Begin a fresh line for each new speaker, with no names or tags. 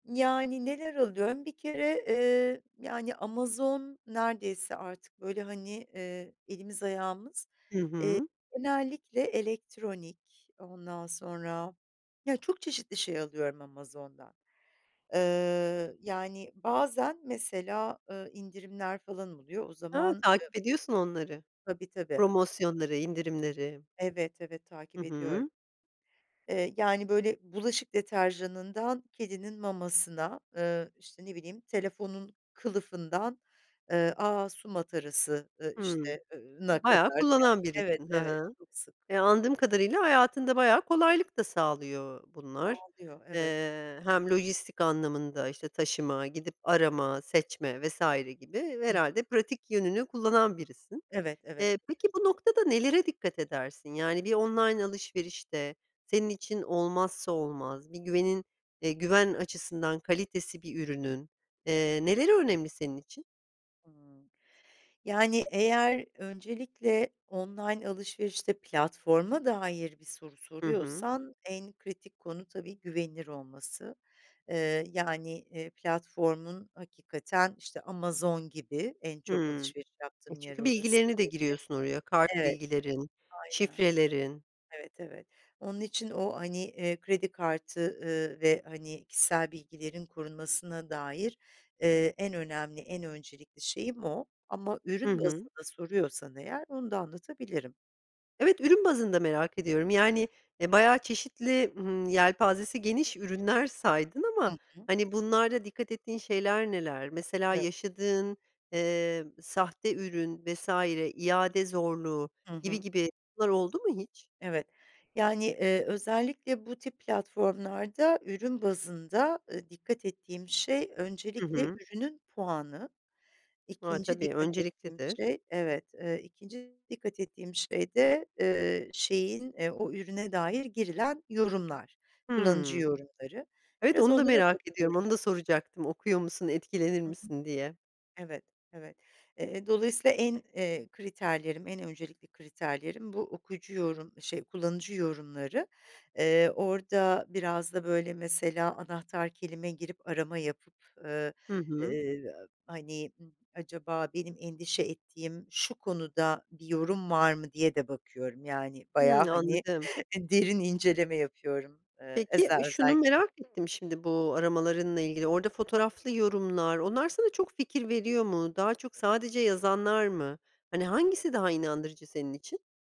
Yani, neler alıyorum? Bir kere, eee, yani, Amazon neredeyse artık böyle, hani, eee, elimiz ayağımız,
Hı
eee,
hı.
genellikle elektronik ondan sonra ya, çok çeşitli şey alıyorum Amazon'dan. Eee, yani, bazen mesela, eee, indirimler falan oluyor o
A!
zaman, eee
Takip ediyorsun onları,
Tabii tabii.
promosyonları indirimleri.
Evet, evet
Hı
takip ediyorum.
hı.
Eee, yani, böyle bulaşık deterjanından kedinin mamasına, eee, işte ne bileyim telefonun kılıfından, eee, aaa, su matarası, eee
Hımm,
işte eee, na
bayağı
kadar, yani,
kullanan
evet,
birisin, he
evet
he.
çok sık.
E,
[unintelligible]
anladığım kadarıyla hayatında bayağı kolaylık da sağlıyor bunlar,
Dağılıyor evet.
eee, hem lojistik anlamında işte taşıma, gidip arama, seçme vs. gibi
Hı hı.
herhâlde pratik yönünü kullanan birisin.
Evet, evet.
Eee, peki, bu noktada nelere dikkat edersin? Yani, bir online alışverişte senin için olmazsa olmaz, bir güvenin e güven açısından kalitesi bir ürünün, eee, neleri önemli senin için?
Hımm, yani, eğer öncelikle online alışverişte platforma dair bir soru
Hı hı.
soruyorsan en kritik konu tabii güvenilir olması. Eee, yani e, platformun hakikaten işte Amazon gibi en çok
Hmm
alışveriş
e,
yaptığım yer
çünkü
orası
bilgilerini de
tabii.
giriyorsun oraya kart
Evet,
bilgilerin,
aynen
şifrelerin.
evet, evet. Onun için o, hani, eee, kredi kartı, ııı, ve, hani, kişisel bilgilerin korunmasına dair, eee, en önemli en öncelikli şeyim o ama
Hı
ürün
hı.
bazında soruyorsan eğer onu da anlatabilirim.
Evet, ürün bazında merak ediyorum, yani, e, bayağı çeşitli, hımm, yelpazesi geniş ürünler saydın ama,
Hı hı.
hani, bunlarda dikkat ettiğin şeyler neler? Mesela
Evet.
yaşadığın, eee, sahte ürün vs. iade zorluğu
Hı
gibi,
hı.
gibi bunlar oldu mu hiç?
Evet, yani, eee, özellikle bu tip platformlarda ürün bazında, eee, dikkat ettiğim şey
Hı
öncelikle
hı.
ürünün puanı,
A!
2'nci
tabii
dikkat ettiğim
önceliklidir.
şey evet, eee, 2'nci dikkat ettiğim şey de, eee, şeyin e o ürüne dair girilen yorumlar, kullanıcı
Hımm.
yorumları.
Evet
Biraz
onu da
onlara
merak ediyorum,
bakıyorum.
onu da soracaktım okuyor musun, etkilenir
Hı hı,
misin diye?
evet, evet. Eee, dolayısıyla en, eee, kriterlerim, en öncelikli kriterlerim bu okuyucu yorum, şey kullanıcı yorumları. Eee, orada biraz da böyle mesela anahtar kelime girip arama yapıp, eee,
Hı hı.
eee, hani, acaba benim endişe ettiğim şu konuda bir yorum var mı diye de bakıyorum, yani, bayağı,
Hımm,
hani
anladım.
derin inceleme yapıyorum, eee,
Peki,
eze
şunu
özellikle.
merak ettim şimdi bu aramalarınla ilgili, orada fotoğraflı yorumlar, onlar sana çok fikir veriyor mu? Daha çok sadece yazanlar mı? Hani, hangisi daha inandırıcı senin için?